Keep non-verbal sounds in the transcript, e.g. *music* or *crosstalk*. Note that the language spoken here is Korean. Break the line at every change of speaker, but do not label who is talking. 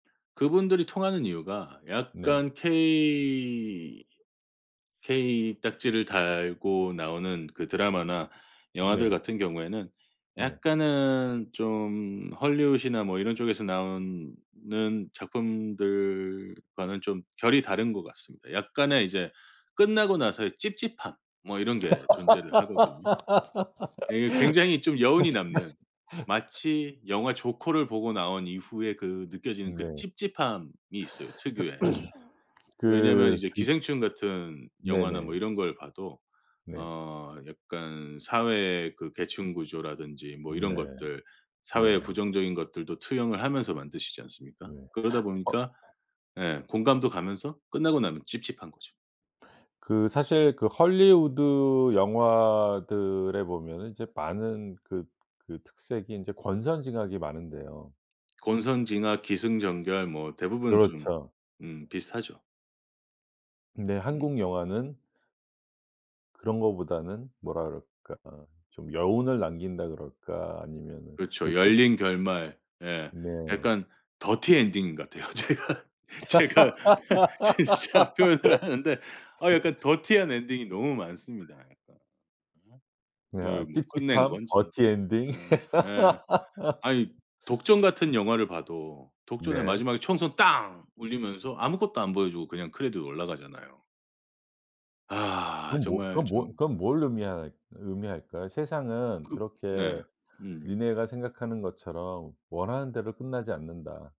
그분들이 통하는 이유가
네.
약간 케이 케이 딱지를 달고 나오는 그 드라마나 영화들
네.
같은 경우에는
네.
약간은 좀 할리우드 이나 뭐 이런 쪽에서 나오는 작품들과는 좀 결이 다른 것 같습니다. 약간의 이제 끝나고 나서의 찝찝함. 뭐 이런 게 존재를 하거든요. 예 굉장히 좀 여운이 남는,
*laughs*
마치 영화 조커를 보고 나온 이후에 그 느껴지는 그
네.
찝찝함이 있어요 특유의.
*clears throat*
왜냐하면
그
이제
그
기생충 같은 영화나
네네.
뭐 이런 걸 봐도
네.
어 약간 사회의 그 계층 구조라든지 뭐 이런
네.
것들 사회의
네.
부정적인 것들도 투영을 하면서 만드시지 않습니까?
네
그러다
*gasps* 어.
보니까 예 공감도 가면서 끝나고 나면 찝찝한 거죠.
그 사실 그 할리우드 영화들에 보면은 이제 많은 그 그 특색이 인제 권선징악이 많은데요.
권선징악, 기승전결 뭐 대부분 좀
그렇죠.
음 비슷하죠.
네
음.
한국 영화는 그런 거보다는 뭐라 그럴까 좀 여운을 남긴다 그럴까 아니면은 그
그렇죠.
찝
열린 결말 예
네.
약간 더티 엔딩인 것 같아요. 제가 제가 진짜 표현을 하는데 아 약간
*laughs*
더티한 엔딩이 너무 많습니다 약간.
네
예
아
뭐 끝낸
찝찝함
건지
더티 엔딩. *laughs*
예예. 아니 독전 같은 영화를 봐도 독전의
네.
마지막에 총성 땅 울리면서 아무것도 안 보여주고 그냥 크레디트 올라가잖아요. 아
그럼 뭐
정말
그건 뭐
좀.
그건 뭘 의미할 의미할까요? 세상은
그 네.
그렇게
음.
니네가 생각하는 것처럼 원하는 대로 끝나지 않는다.